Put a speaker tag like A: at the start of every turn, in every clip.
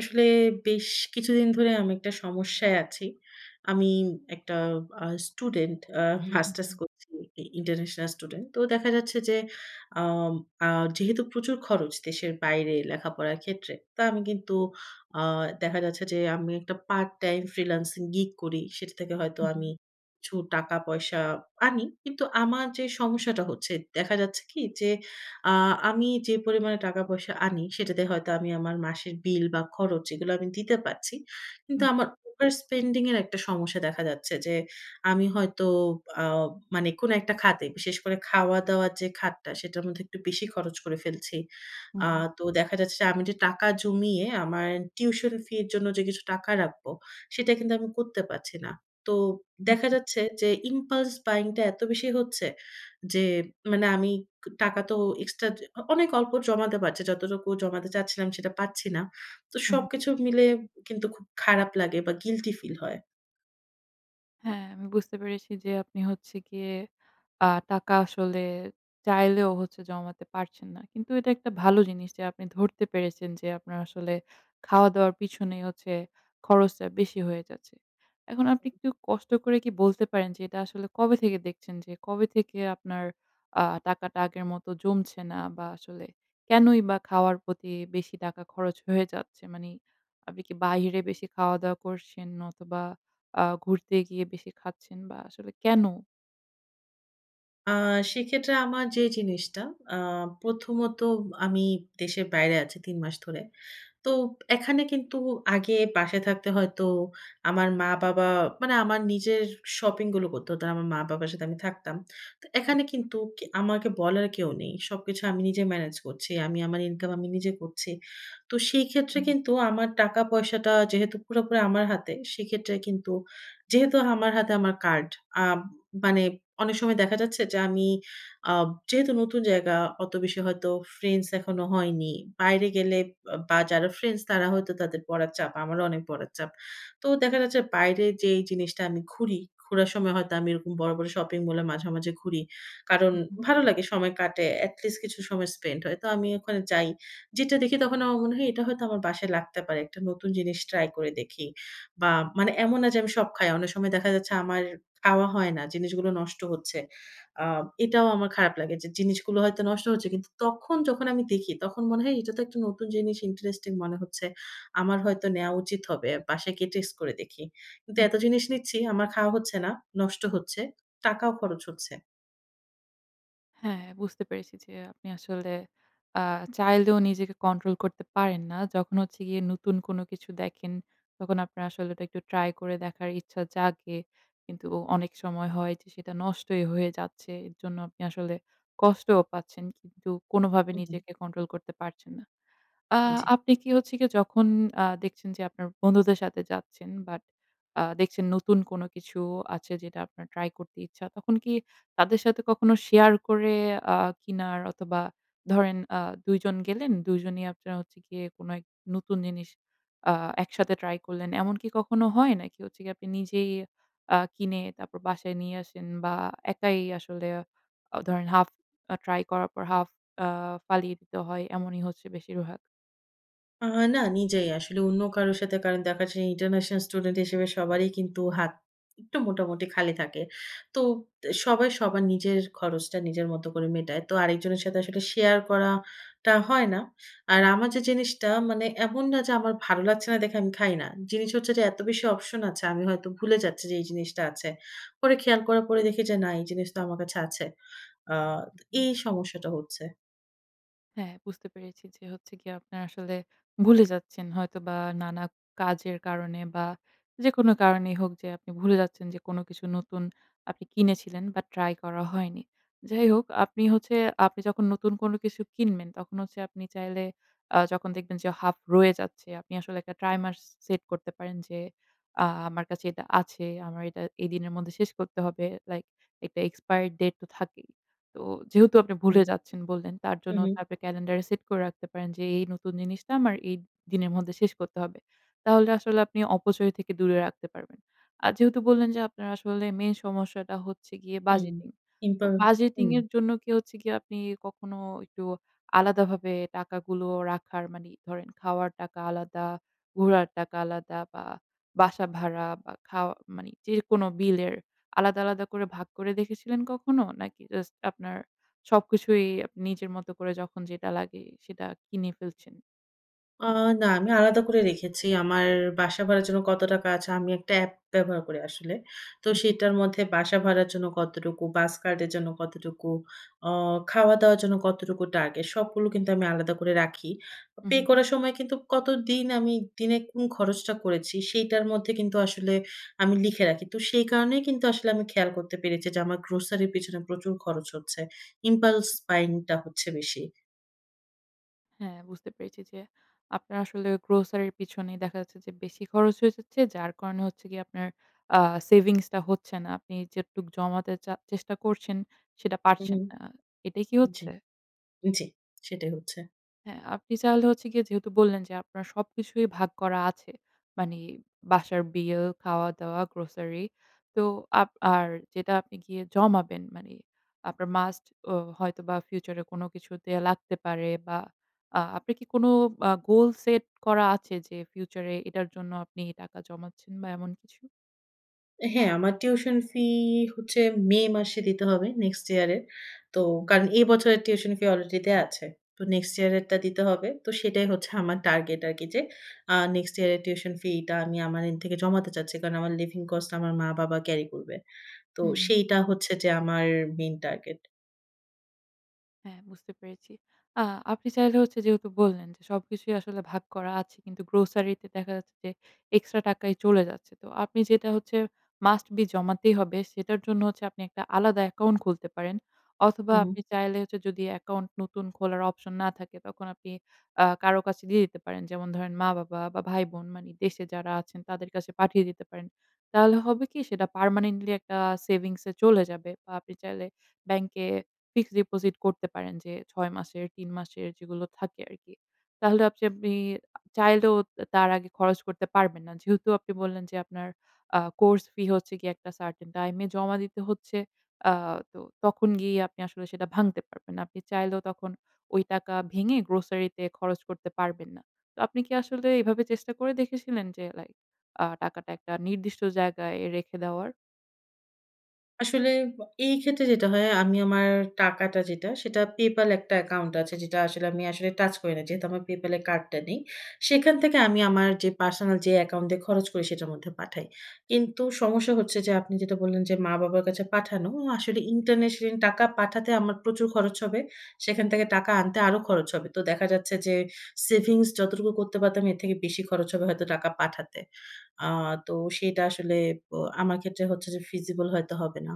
A: আসলে বেশ কিছুদিন ধরে আমি একটা সমস্যায় আছি। আমি একটা আ স্টুডেন্ট। আ
B: হু,
A: মাস্টার্স
B: হুম।
A: করছি ই ইন্টারন্যাশনাল স্টুডেন্ট। তো দেখা যাচ্ছে, আম আ যেহেতু প্রচুর খরচ দেশের বাইরে লেখাপড়ার ক্ষেত্রে, তো আমি কিন্তু আ দেখা যাচ্ছে যে, আমি একটা পার্ট টাইম ফ্রিল্যান্সিং গিগ করি। সেটা থেকে হয়তো
B: হু, হম।
A: আমি কিছু টাকা-পয়সা আনি। কিন্তু আমার যে, সমস্যাটা হচ্ছে, দেখা যাচ্ছে কি? যে, আ আমি যে, পরিমাণে টাকা-পয়সা আনি, সেটাতে হয়তো আমি আমার মাসের বিল বা খরচ, এগুলো আমি দিতে পারছি। কিন্তু
B: হুম।
A: আমার ওভার স্পেন্ডিং এর একটা সমস্যা; দেখা যাচ্ছে যে, আমি হয়তো আ মানে কোন একটা খাতে, বিশেষ করে খাওয়া-দাওয়া যে, খাতটা, সেটার মধ্যে একটু বেশি খরচ করে ফেলছি।
B: হু,
A: আ
B: হুম।
A: তো দেখা যাচ্ছে যে, আমি যে, টাকা জমিয়ে আমার টিউশন ফি এর জন্য যে, কিছু টাকা রাখবো, সেটা কিন্তু আমি করতে পারছি না। তো
B: হুম,
A: দেখা
B: হুম।
A: যাচ্ছে যে, ইমপালস বায়িং টা এত বেশি হচ্ছে যে, মানে আমি ক টাকা তো এক্সট্রা যে অ অনেক অল্প জমাতে পারছি। যতটুকু জমাতে চাচ্ছিলাম, সেটা পারচ্ছি না। তো
B: হু, হু, হুম।
A: সবকিছু মিলে কিন্তু খুব খারাপ লাগে বা গিল্টি ফিল হয়।
B: হ্যাঁ, আমি বুঝতে পেরেছি যে, আপনি হচ্ছে গিয়ে, আ টাকা আসলে চাইলেও হচ্ছে জমাতে পারছেন না। কিন্তু এটা একটা ভালো জিনিস যে, আপনি ধরতে পেরেছেন যে, আপনার আসলে খাওয়া-দাওয়ার পিছনে হচ্ছে খরচটা বেশি হয়ে যাচ্ছে। এখন আপনি একটু কষ্ট করে কি বলতে পারেন যে, এটা আসলে কবে থেকে দেখছেন? যে, কবে থেকে আপনার আ টাকাটা আগের মত জমছে না বা, আসলে কেনই বা খাওয়ার প্রতি বেশি টাকা খরচ হয়ে যাচ্ছে? মানি, আপনি কি বাহিরে বেশি খাওয়া-দাওয়া করছেন অথবা, আ ঘুরতে গিয়ে বেশি খাচ্ছেন বা, আসলে কেন?
A: আ সেক্ষেত্রে আমার যে, জিনিসটা আ প্রথমত আমি দেশের বাইরে আছি ৩ মাস ধরে। তো এখানে কিন্তু আগে বাসায় থাকতে হয়তো আমার মা-বাবা মানে আমার নিজের শপিংগুলো করতে হতো না। আমার মা-বাবার সাথে আমি থাকতাম। তো
B: হু,
A: এখানে
B: হুম।
A: কিন্তু আমাকে বলার কেউ নেই। সবকিছু আমি নিজে ম্যানেজ করছি। আমি আমার ইনকাম আমি নিজে করছি। তো সেইক্ষেত্রে
B: হুম।
A: কিন্তু আমার টাকা পয়সাটা যেহেতু পুরোপুরি আমার হাতে, সেক্ষেত্রে কিন্তু যেহেতু আমার হাতে আমার কার্ড। আম মানে অনেক সময় দেখা যাচ্ছে যে, আমি, আব যেহেতু নতুন জায়গা। অত বেশি হয়তো ফ্রেন্ডস এখনো হয়নি। বাইরে গেলে বা বা, যারা ফ্রেন্ডস, তারা হয়তো তাদের পড়ার চাপ। আমারও অনেক পড়ার চাপ। তো দেখা যাচ্ছে বাইরে যেই জিনিসটা আমি ঘুরি, ঘুরার সময় হয়তো আমি এরকম বড়, বড় শপিং মলে মাঝে, মাঝে ঘুরি। কারণ
B: হুম, হুম।
A: ভালো লাগে সময় কাটে। এটলিস্ট কিছু সময় স্পেন্ড হয়। তো আমি ওখানে যাই। যেটা দেখি তখন আমার মনে হয় এটা হয়তো আমার বাসায় লাগতে পারে। একটা নতুন জিনিস ট্রাই করে দেখি। বা, মানে এমন না যে, আমি সব খাই। অনেক সময় দেখা যাচ্ছে আমার খাওয়া হয় না। জিনিসগুলো নষ্ট হচ্ছে। আ এটাও আমার খারাপ লাগে যে, জিনিসগুলো হয়তো নষ্ট হচ্ছে। কিন্তু তখন যখন আমি দেখি, তখন মনে হয় এটা তো একটা নতুন জিনিস, ইন্টারেস্টিং মনে হচ্ছে। আমার হয়তো নেয়া উচিত হবে। বাসায় গিয়ে টেস্ট করে দেখি। কিন্তু
B: হুম,
A: এত
B: হুম।
A: জিনিস নিচ্ছি, আমার খাওয়া হচ্ছে না, নষ্ট হচ্ছে, টাকাও খরচ হচ্ছে।
B: হ্যাঁ, বুঝতে পেরেছি। যে, আপনি আসলে আ চাইলেও নিজেকে কন্ট্রোল করতে পারেন না। যখন হচ্ছে গিয়ে নতুন কোন কিছু দেখেন তখন আপনার আসলে ওটা একটু ট্রাই করে দেখার ইচ্ছা জাগে কিন্তু অনেক সময় হয় যে, সেটা নষ্টই হয়ে যাচ্ছে। এর জন্য আপনি আসলে কষ্টও পাচ্ছেন। কিন্তু কোনভাবে
A: হু, হুম।
B: নিজেকে কন্ট্রোল করতে পারছেন না। আ
A: জি।
B: আপনি কি হচ্ছে গিয়ে যখন আ দেখছেন যে, আপনার বন্ধুদের সাথে যাচ্ছেন বাট আ দেখছেন নতুন কোন কিছু আছে যেটা আপনার ট্রাই করতে ইচ্ছা, তখন কি তাদের সাথে কখনো শেয়ার করে আ কিনার অথবা ধরেন আ ২ জন গেলেন ২ জনই আপনার হচ্ছে গিয়ে কোন এক নতুন জিনিস আ একসাথে ট্রাই করলেন, এমনকি কখনো হয়? নাকি হচ্ছে গিয়ে আপনি নিজেই আ কিনে তারপর বাসায় নিয়ে আসেন বা একাই আসলে আ ধরেন হাফ আ ট্রাই করার পর হাফ আ ফালিয়ে দিতে হয়? এমনই হচ্ছে বেশির ভাগ?
A: আ না, নিজেই আসলে। অন্য কারো সাথে কারণ দেখা যায়, ইন্টারন্যাশনাল স্টুডেন্ট হিসেবে সবারই কিন্তু হাত একটু মোটামুটি খালি থাকে। তো তে সবাই সবার নিজের খরচটা নিজের মত করে মেটায়। তো আরেকজনের সাথে আসলে শেয়ার করাটা হয় না। আর
B: হুম।
A: আমার যে, জিনিসটা মানে এমন না যে, আমার ভালো লাগছে না দেখে আমি খাই না। জিনিস হচ্ছে যে, এত বেশি অপশন আছে, আমি হয়তো ভুলে যাচ্ছি যে, এই জিনিসটা আছে। পরে খেয়াল করার পরে দেখি যে, না এই জিনিস তো আমার কাছে আছে। আ
B: হু,
A: তো
B: হুম।
A: এই সমস্যাটা হচ্ছে।
B: হ্যাঁ। বুঝতে পেরেছি যে, হচ্ছে গিয়ে, আপনারা আসলে ভুলে যাচ্ছেন হয়তোবা, নানা কাজের কারণে বা যেকোনো কারণেই হোক যে, আপনি ভুলে যাচ্ছেন যে, কোন কিছু নতুন আপনি কিনেছিলেন বা ট্রাই করা হয়নি। যাই হোক, আপনি হচ্ছে আপনি যখন নতুন কোন কিছু কিনবেন, তখন হচ্ছে আপনি চাইলে অ্যা যখন দেখবেন যে, হাফ রয়ে যাচ্ছে, আপনি আসলে একটা ট্রাইমার্স সে সেট করতে পারেন যে, অ্যা "আমার কাছে এটা আছে। আমার এটা এই দিনের মধ্যে শেষ করতে হবে।" লাইক একটা এক্সপায়রি ডেট তো থাকেই। তো যেহেতু আপনি
A: হুম।
B: ভুলে যাচ্ছেন বললেন, তার
A: হু,
B: জন্য
A: হুম।
B: তারপরে ক্যালেন্ডার সেট করে রাখতে পারেন যে, "এ, এই নতুন জিনিসটা, আমার এই দিনের মধ্যে শেষ করতে হবে।" তাহলে আসলে আপনি অপচয় থেকে দূরে রাখতে পারবেন। আর যেহেতু বললেন যে, আপনার আসলে মেইন সমস্যাটা হচ্ছে গিয়ে
A: হুম।
B: বাজেটিং।
A: কিন্তু
B: তো বাজেটিং
A: হুম।
B: এর জন্য কি, হচ্ছে কি? আপনি কখনো একটু আলাদাভাবে টাকাগুলো রাখার, মানে ধরেন খাওয়ার টাকা আলাদা, ঘোরার টাকা আলাদা বা বাসা ভাড়া বা খাওয়া, মানি যেকোন বিলের আলাদা, আলাদা করে ভাগ করে দেখেছিলেন কখনো? নাকি জাস্ট আপনার সবকিছুই আপ নিজের মত করে যখন যেটা লাগে, সেটা কিনে ফেলছেন?
A: আ না, আমি আলাদা করে রেখেছি। আমার বাসা ভাড়ার জন্য কত টাকা আছে আমি একটা অ্যাপ ব্যবহার করি আসলে। তো
B: হু, হু, হু।
A: সেটার মধ্যে বাসা ভাড়ার জন্য কতটুকু, বাস কার্ডের জন্য কতটুকু, আ খাওয়া-দাওয়ার জন্য কতটুকু টার্গেট, সবগুলো কিন্তু আমি আলাদা করে রাখি। অ
B: হু,
A: পে
B: হু, হু।
A: করার সময় কিন্তু কতদিন আমি দিনে কোন খরচটা করেছি, সেইটার মধ্যে কিন্তু আসলে আমি লিখে রাখি। তো সেই কারণেই কিন্তু আসলে আমি খেয়াল করতে পেরেছি যে আমার grocery র পেছনে প্রচুর খরচ হচ্ছে। Impulse buying টা হচ্ছে বেশি।
B: হ্যাঁ, বুঝতে পেরেছি যে আপনার আসলে grocery র পিছনেই দেখা যাচ্ছে যে বেশি খরচ হয়ে যাচ্ছে। যার কারণে হচ্ছে গিয়ে আপনার আ সেভিংসটা হচ্ছে না। আপনি যেটুকু জমাতে চা চেষ্টা করছেন, সেটা
A: হুম,
B: পারছেন
A: হুম।
B: না। আ এটাই কি
A: জি।
B: হচ্ছে?
A: জি, সেটাই হচ্ছে।
B: হ্যাঁ, আপনি তাহলে হচ্ছে গিয়ে যেহেতু বললেন যে আপনার সবকিছুই ভাগ করা আছে। মানে বাসার বিল, খাওয়া-দাওয়া, grocery, তো আপ আর যেটা আপনি গিয়ে জমাবেন, মানে আপনার মাস্ট ও হয়তোবা ফিউচারে কোন কিছুতে লাগতে পারে। বা, আ আপনার কি কোন আ গোল সেট করা আছে, যে ফিউচারে এটার জন্য আপনি টাকা জমাচ্ছেন বা, এমন কিছু?
A: এ হ্যাঁ, আমার টিউশন ফি হচ্ছে মে মাসে দিতে হবে, next year এর। তো কারণ
B: উহুম।
A: এ বছরের টিউশন ফি অলরেডি দেয়া আছে। তো next year এরটা দিতে হবে। তো সেটাই হচ্ছে আমার টার্গেট আরকি যে, আ next year এর টিউশন ফিটা আমি আমার end থেকে জমাতে চাচ্ছি। কারণ আমার living cost আমার মা-বাবা carry করবে। তো
B: হুম।
A: সেইটা হচ্ছে যে, আমার মেইন টার্গেট।
B: হ্যাঁ, বুঝতে পেরেছি। আ আপনি চাইলে হচ্ছে যেহেতু বললেন যে, সবকিছুই আসলে ভাগ করা আছে। কিন্তু গ্রোসারিতে দেখা যাচ্ছে যে, এক্সট্রা টাকাই চলে যাচ্ছে। তো আপনি যেটা হচ্ছে must be জমাতেই হবে, সেটার জন্য হচ্ছে আপনি একটা আলাদা অ্যাকাউন্ট খুলতে পারেন। অথবা,
A: হু, হুম।
B: আপনি চাইলে হচ্ছে যদি অ্যাকাউন্ট নতুন খোলার অপশন না থাকে, তখন আপনি আ কারো কাছে দিয়ে দিতে পারেন। যেমন ধরেন, মা-বাবা, বা ভাই-বোন, মানে দেশে যারা আছেন তাদের কাছে পাঠিয়ে দিতে পারেন। তাহলে হবে কি? সেটা permanently একটা সেভিংসয়ে চলে যাবে বা, আপনি চাইলে ব্যাংকে ফিক্সড ডিপোজিট করতে পারেন যে, ৬ মাসের, ৩ মাসের যেগুলো থাকে আরকি। তাহলে আবযে আপনি চাইলেও তা তার আগে খরচ করতে পারবেন না। যেহেতু আপনি বললেন যে, আপনার আ কোর্স ফি হচ্ছে গিয়ে একটা certain time এ জমা দিতে হচ্ছে। আ তো তখন গিয়ে আপনি আসলে সেটা ভাঙতে পারবেন না। আপনি চাইলেও তখন ওই টাকা ভেঙে গ্রোসারিতে খরচ করতে পারবেন না। তো আপনি কি আসলে এভাবে চেষ্টা করে দেখেছিলেন যে, লাইক আ টাকাটা একটা নির্দিষ্ট জায়গায় রেখে দেওয়ার?
A: আসলে বা এইক্ষেত্রে যেটা হয়, আমি আমার টাকাটা যেটা, সেটা PayPal একটা অ্যাকাউন্ট আছে, যেটা আসলে আমি আসলে টাচ করি না। যেহেতু আমার PayPal এ কার্ডটা নেই। সেখান থেকে আমি আমার যে, পার্সোনাল যে, অ্যাকাউন্টে খরচ করি, সেটার মধ্যে পাঠাই। কিন্তু সমস্যা হচ্ছে যে, আপনি যেটা বললেন যে, মা-বাবার কাছে পাঠানো। আ আসলে ইন্টারন্যাশনাল টাকা পাঠাতে আমার প্রচুর খরচ হবে। সেখান থেকে টাকা আনতে আরো খরচ হবে। তো দেখা যাচ্ছে যে, সেভিংস যতটুকু করতে পারতাম, এর থেকে বেশি খরচ হবে হয়তো টাকা পাঠাতে। আ তো সেটা আসলে ব আমার ক্ষেত্রে হচ্ছে যে, feasible ফিজিবল হয়তো হবে না।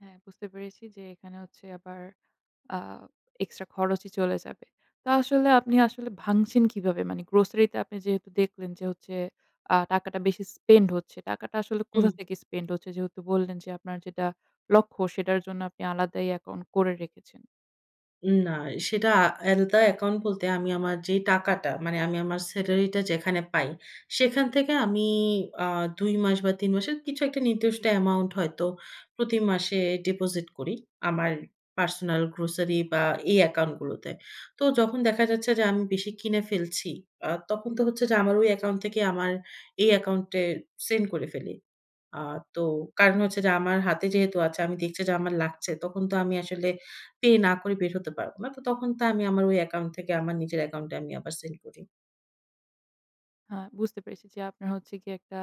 B: হ্যাঁ, বুঝতে পেরেছি যে, এখানে হচ্ছে আবার আ এক্সট্রা খরচই চলে যাবে। তো আসলে আপনি আসলে ভাঙছেন কিভাবে? মানে grocery তে আপনি যেহেতু দেখলেন যে, হচ্ছে আ টাকাটা বেশি spend হচ্ছে। টাকাটা আসলে
A: হুম।
B: কোথা থেকে spend হচ্ছে? যেহেতু বললেন যে, আপনার যেটা লক্ষ্য, সেটার জন্য আপনি আলাদাই অ্যাকাউন্ট করে রেখেছেন।
A: উ না, সেটা আলাদা অ্যাকাউন্ট বলতে আমি আমার যে, টাকাটা, মানে আমি আমার স্যালারিটা যেখানে পাই, সেখান থেকে আমি আ ২ মাস বা, ৩ মাসের কিছু একটা নির্দিষ্ট অ্যামাউন্ট হয়তো প্রতি মাসে ডিপোজিট করি আমার personal grocery বা, এই অ্যাকাউন্টগুলোতে। তো যখন দেখা যাচ্ছে যে, আমি বেশি কিনে ফেলছি, আ তখন তো হচ্ছে যে, আমার ওই অ্যাকাউন্ট থেকে আমার এই অ্যাকাউন্টে সেন্ড করে ফেলি। আ তো কারণ হচ্ছে যে, আমার হাতে যেহেতু আছে, আমি দেখছি যে, আমার লাগছে। তখন তো আমি আসলে পে না করে বের হতে পারবো না। তো তখন তো আমি আমার ওই অ্যাকাউন্ট থেকে আমার নিজের অ্যাকাউন্টে আমি আবার সেন্ড করি।
B: হ্যাঁ, বুঝতে পেরেছি যে আপনার হচ্ছে গিয়ে একটা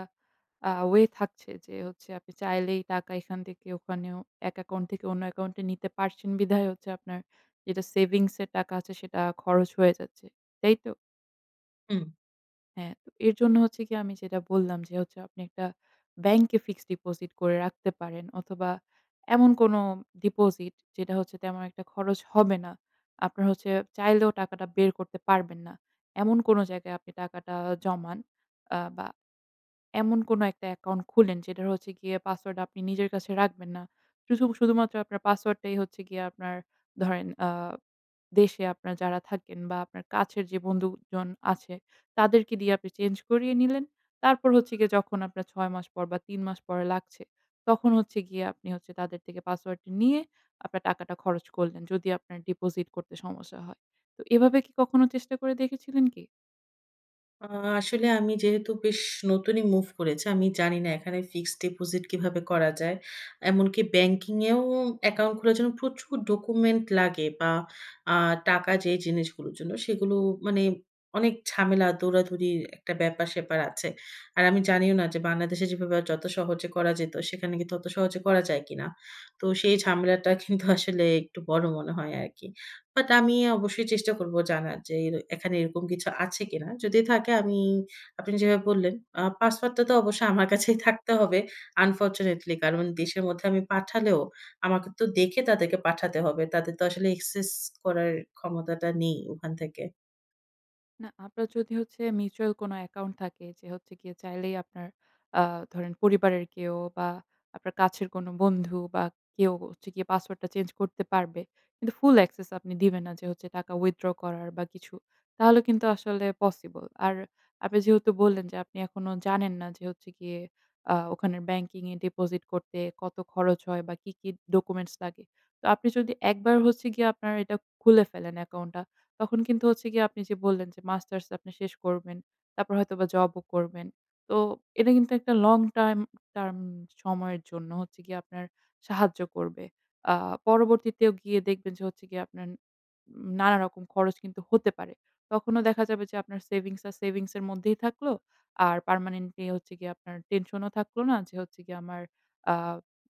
B: আ ওয়ে থাকছে যে হচ্ছে যে আপনি চাইলেই টাকা এখান থেকে ওখানেও এক অ্যাকাউন্ট থেকে অন্য অ্যাকাউন্টে নিতে পারছেন বিধায়, হচ্ছে আপনার যেটা সেভিংসের টাকা আছে, সেটা খরচ হয়ে যাচ্ছে। তাই তো?
A: হুম।
B: হ্যাঁ, তো এর জন্য হচ্ছে কি? আমি যেটা বললাম, যে হচ্ছে আপনি একটা ব্যাংকে ফিক্সড ডিপোজিট করে রাখতে পারেন অথবা, এমন কোন ডিপোজিট, যেটা হচ্ছে তেমন একটা খরচ হবে না। আপনার হচ্ছে চাইলেও টাকাটা বের করতে পারবেন না। এমন কোন জায়গায় আপনি টাকাটা জমান, আ বা, এমন কোনো একটা অ্যাকাউন্ট খুলেন, যেটার হচ্ছে গিয়ে পাসওয়ার্ড আপনি নিজের কাছে রাখবেন না। উসু শুধুমাত্র আপনার পাসওয়ার্ডটাই হচ্ছে গিয়ে আপনার ধরেন আ দেশে আপনার যারা থাকেন বা, আপনার কাছের যে বন্ধুজন আছে তাদেরকে দিয়ে আপনি চেঞ্জ করিয়ে নিলেন। তারপর হচ্ছে গিয়ে যখন আপনার ৬ মাস পর বা, ৩ মাস পরে লাগছে, তখন হচ্ছে গিয়ে আপনি হচ্ছে তাদের থেকে পাসওয়ার্ডটা নিয়ে আপনার টাকাটা খরচ করলেন। যদি আপনার ডিপোজিট করতে সমস্যা হয়। তো এভাবে কি কখনো চেষ্টা করে দেখেছিলেন কি?
A: আ আসলে আমি যেহেতু বেশ নতুনই মুভ করেছি, আমি জানি না এখানে ফিক্সড ডিপোজিট কিভাবে করা যায়। এমনকি ব্যাংকিংয়েও অ্যাকাউন্ট খোলার জন্য প্রচুর ডকুমেন্ট লাগে বা, আ টাকা যে জিনিসগুলোর জন্য, সেগুলো মানে অনেক ঝামেলা, দৌড়াদৌড়ির একটা ব্যাপার-স্যাপার আছে। আর আমি
B: হু।
A: জানিও না যে বাংলাদেশে যেভাবে যত সহজে করা যেত, সেখানে কিন্তু ওত সহজে করা যায় কিনা? তো সেই ঝামেলাটা কিন্তু আসলে একটু বড় মনে হয় আরকি। বাট আমি অবশ্যই চেষ্টা করবো জানার য্‌ এই এখানে এরকম কিছু আছে কিনা? যদি থাকে আমি, আপনি যেভাবে বললেন, আ পাসওয়ার্ডটা তো অবশ্যই আমার কাছেই থাকতে হবে, unfortunately। কারণ দেশের মধ্যে আমি পাঠালেও আমাকে তো দেখে তাদেরকে পাঠাতে হবে। তাদের তো আসলে access করার ক্ষমতাটা নেই ওখান থেকে।
B: না, আপনার যদি হচ্ছে mutual মিউচুয়াল কোন অ্যাকাউন্ট থাকে, যে হচ্ছে গিয়ে চাইলেই আপনার আ ধরেন পরিবারের কেউ বা আপনার কাছের কোন বন্ধু বা কেউ হচ্ছে গিয়ে পাসওয়ার্ডটা চেঞ্জ করতে পারবে। কিন্তু full access আপনি দিবেন না যে হচ্ছে টাকা withdraw করার বা, কিছু। তাহলে কিন্তু আসলে পসিবল। আর আপনি যেহেতু বললেন যে আপনি এখনো জানেন না যে, হচ্ছে গিয়ে আ ওখানের ব্যাংকিং এর ডিপোজিট করতে কত খরচ হয়? বা, কি, কি ডকুমেন্টস লাগে? তো আপনি যদি একবার হচ্ছে গিয়ে আপনার এটা খুলে ফেলেন অ্যাকাউন্টটা, তখন কিন্তু হচ্ছে গিয়ে আপনি যে বললেন, যে মাস্টার্স আপনি শেষ করবেন। তারপর হয়তোবা জবও করবেন। তো এটা কিন্তু একটা long time term সময়ের জন্য হচ্ছে গিয়ে আপনার সাহায্য করবে। আ পরবর্তীতেও গিয়ে দেখবেন যে হচ্ছে গিয়ে আপনার উম নানা রকম খরচ কিন্তু হতে পারে। তখনও দেখা যাবে যে আপনার সেভিংস আর সেভিংসের মধ্যেই থাকলো, আর পার্মানেন্টলি হচ্ছে গিয়ে আপনার টেনশনও থাকলো না, যে হচ্ছে গিয়ে আমার আ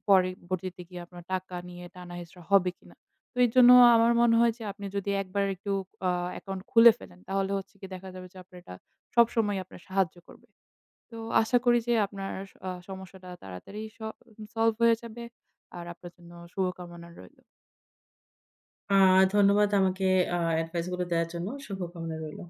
B: পরে ভর্তিতে গিয়ে আপনার টাকা নিয়ে টানা হেচড়া হবে কিনা? তো এজন্য আমার মনে হয় যে, আপনি যদি একবার একটু আ অ্যাকাউন্ট খুলে ফেলেন, তাহলে হচ্ছে গিয়ে দেখা যাবে যে আপনার এটা সবসময়ই আপনার সাহায্য করবে। তো আশা করি যে আপনার আস সমস্যাটা তাড়াতাড়ি স সল্ভ হয়ে যাবে। আর আপনার জন্য শুভকামনা রইলো।
A: আ ধন্যবাদ আমাকে আ এডভাইসগুলো দেওয়ার জন্য। শুভকামনা রইলো।